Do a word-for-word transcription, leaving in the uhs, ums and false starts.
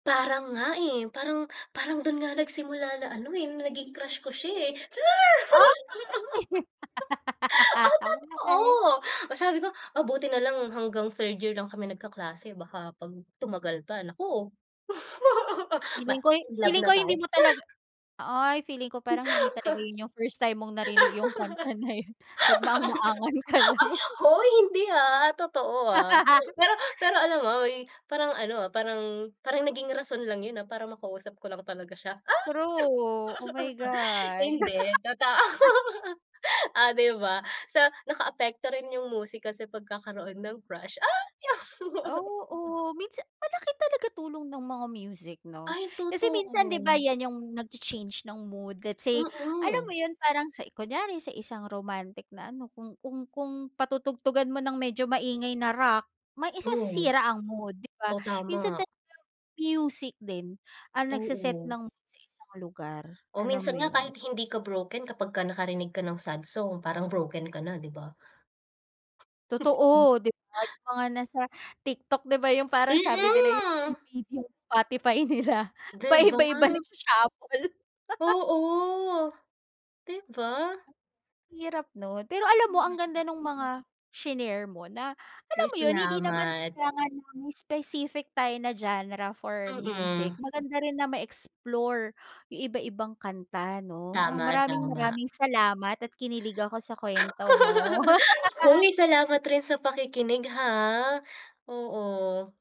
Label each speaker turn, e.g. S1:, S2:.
S1: Parang nga eh, parang parang dun nga nagsimula na ano eh, na naging crush ko siya eh, char!
S2: Ah.
S1: Oh, totoo! Oh, sabi ko, "Ah buti na lang hanggang third year lang kami nagkaklase baka 'pag tumagal pa, naku!"
S2: Feeling ko'y
S1: ma-in love
S2: feeling ko
S1: na tayo.
S2: hindi mo
S1: Cha
S2: talaga ay feeling ko parang hindi talaga yun yung first time mong narinig yung kanta na yun, nagmaang-maangan ka lang.
S1: Hoy, hindi ah, totoo ah. Pero pero alam mo, uy parang ano ah, parang parang naging rason lang yun ah, para makausap ko lang talaga siya, ah!
S2: True, oh my God.
S1: Hindi, totoo. Oh, di ba? So, nakaapekto rin yung musika sa pagkakaroon ng crush. Ah!
S2: Oo, minsan malaki talaga tulong ng mga music 'no?
S1: Ay,
S2: Kasi minsan di ba
S1: totoo.
S2: yan yung nagcha-change ng mood, let's say, alam
S1: Mm.
S2: mo yun, parang sa i kunyari sa isang romantic na ano, kung kung kung patutugtugan mo ng medyo maingay na rock, mai
S1: Oh.
S2: sisira ang mood, di ba?
S1: Oh,
S2: Minsan
S1: tama.
S2: talaga music din ang nagse-set
S1: Oo.
S2: ng mood sa isang lugar,
S1: Oh,
S2: alam
S1: minsan
S2: mo
S1: nga
S2: yun?
S1: kahit hindi ka broken, kapagka nakarinig ka ng sad song, parang broken ka na, di ba?
S2: Totoo, di ba? Yung mga nasa TikTok, di ba? Yung parang sabi nila yung
S1: Mm.
S2: [unintelligible] Spotify nila
S1: Di ba?
S2: paiba-iba nagsha-shuffle.
S1: Oo. 'Di ba?
S2: Hirap 'no? Pero alam mo, ang ganda nung mga shinare mo na alam
S1: Uy,
S2: mo yun, hindi naman
S1: salamat.
S2: kailangan na may specific tayo na genre for music,
S1: Mm.
S2: maganda rin na ma-explore yung iba-ibang kanta, 'no? Ah,
S1: Tama,
S2: maraming
S1: tama.
S2: maraming salamat at kinilig ako sa kwento mo.
S1: Hoy, salamat rin sa pakikinig ha! Oo.